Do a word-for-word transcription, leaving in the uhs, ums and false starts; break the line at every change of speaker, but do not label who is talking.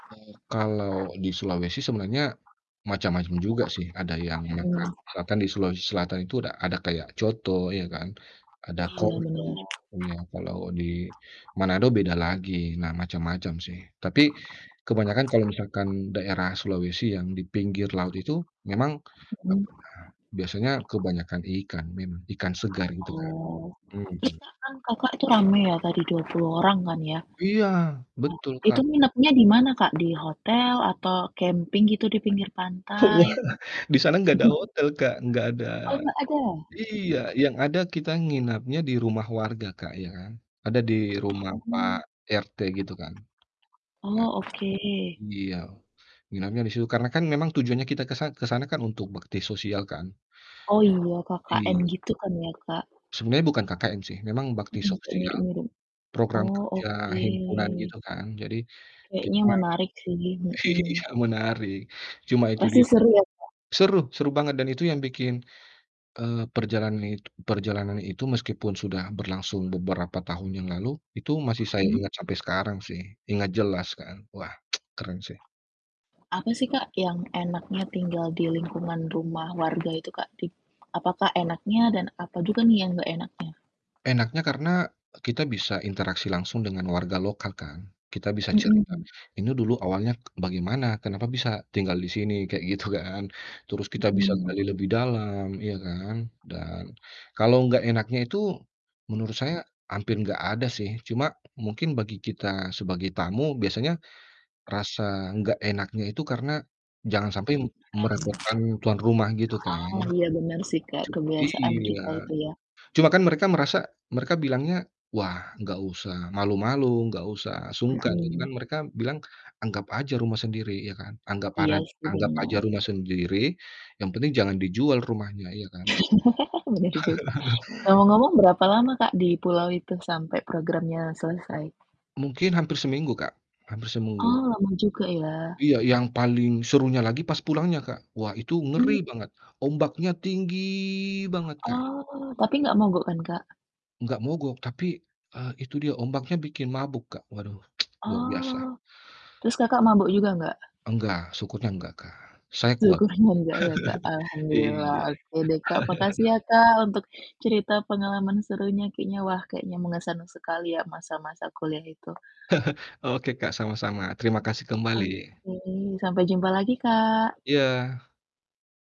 Iya. Kalau di Sulawesi sebenarnya macam-macam juga sih, ada yang [unintelligible]
Mhm.
misalkan di Sulawesi Selatan itu udah ada kayak coto iya kan, ada
Iya bener.
[unintelligible] ya. Kalau di Manado beda lagi, nah macam-macam sih, tapi kebanyakan kalau misalkan daerah Sulawesi yang di pinggir laut itu, memang,
Mhm.
apa ya, biasanya kebanyakan ikan memang, ikan segar gitu kan.
Oh. Terus
Mhm.
Kak kan, Kakak tuh rame ya tadi dua puluh orang kan ya? Nah,
Iya, betul
Itu
Kak. [unintelligible]
nginepnya di mana, Kak? Di hotel atau camping gitu di pinggir pantai?
Wah! Di sana gak ada hotel Kak, gak ada
Oh, gak ada?
iya, yang ada kita nginapnya di rumah warga Kak, ya kan. Ada di rumah pak
Hmm.
RT gitu kan. Nah,
Oh oke.
itu iya. Nginapnya di situ karena kan memang tujuannya kita ke san ke sana kan untuk bakti sosial kan?
Oh iya KKN
Iya.
gitu kan ya, Kak?
Sebenarnya bukan KKN sih, memang bakti
Mhm, kayak
sosial,
mirip mirip.
program
Oh,
kerja
oke.
himpunan gitu kan jadi
Kayaknya
kita
menarik sih,
iya
mhm.
menarik cuma itu
Pasti
dia Kak
seru ya Kak?
seru seru banget dan itu yang bikin, eee, perrjalanan it perjalanan itu meskipun sudah berlangsung beberapa tahun yang lalu, itu masih saya
Mhm?
ingat sampai sekarang sih, ingat jelas kan wah keren sih.
Apa sih Kak, yang enaknya tinggal di lingkungan rumah warga itu, Kak? Di apakah enaknya dan apa juga nih yang gak enaknya?
Enaknya karena kita bisa interaksi langsung dengan warga lokal kan, kita bisa cerita,
Mhm.
"Ini dulu awalnya bagaimana? Kenapa bisa tinggal disini?" Kayak gitu kan. Terus kita bisa
Mhm.
gali lebih dalam, iya kan, dan kalau gak enaknya itu menurut saya hampir gak ada sih, cuma mungkin bagi kita sebagai tamu biasanya rasa nggak enaknya itu karena jangan sampai
Iya, mmm.
merepotkan tuan rumah, gitu kan.
Oh, iya benar sih Kak,
Cu
kebiasaan
iya,
kita itu ya?
cuma kan mereka merasa mereka bilangnya, "Wah, nggak usah malu-malu, nggak usah sungkan," jadi kan
Mhm.
mereka bilang, "anggap aja rumah sendiri" ya kan, anggap ara
Iya sih
anggap aja
bener.
rumah sendiri, yang penting jangan dijual rumahnya, iya kan?
Bener juga, ngomong-ngomong berapa lama Kak, di pulau itu sampai programnya selesai?
Mungkin hampir seminggu Kak, hampir semunggu.
Oh, lama juga ya.
Iya, yang paling serunya lagi pas pulangnya, Kak. Wah, itu ngeri
Tunggu.
banget, ombaknya tinggi banget, Kak.
Oh, tapi nggak mogok kan, Kak?
Enggak mogok tapi, eee, itu dia ombaknya bikin mabuk Kak, waduh luar biasa.
Oh, terus Kakak mabuk juga nggak?
Enggak, syukunya enggak Kak, saya kuat kok.
Syukurnya enggak ya Kak, alhamdulillah,
Iya.
oke deh, Kak. Makasih ya Kak, untuk cerita pengalaman serunya kayaknya wah kayaknya mengesankan sekali ya masa-masa kuliah itu
Oke Kak, sama-sama, terima kasih kembali.
Oke, sampai jumpa lagi, Kak.
Iya.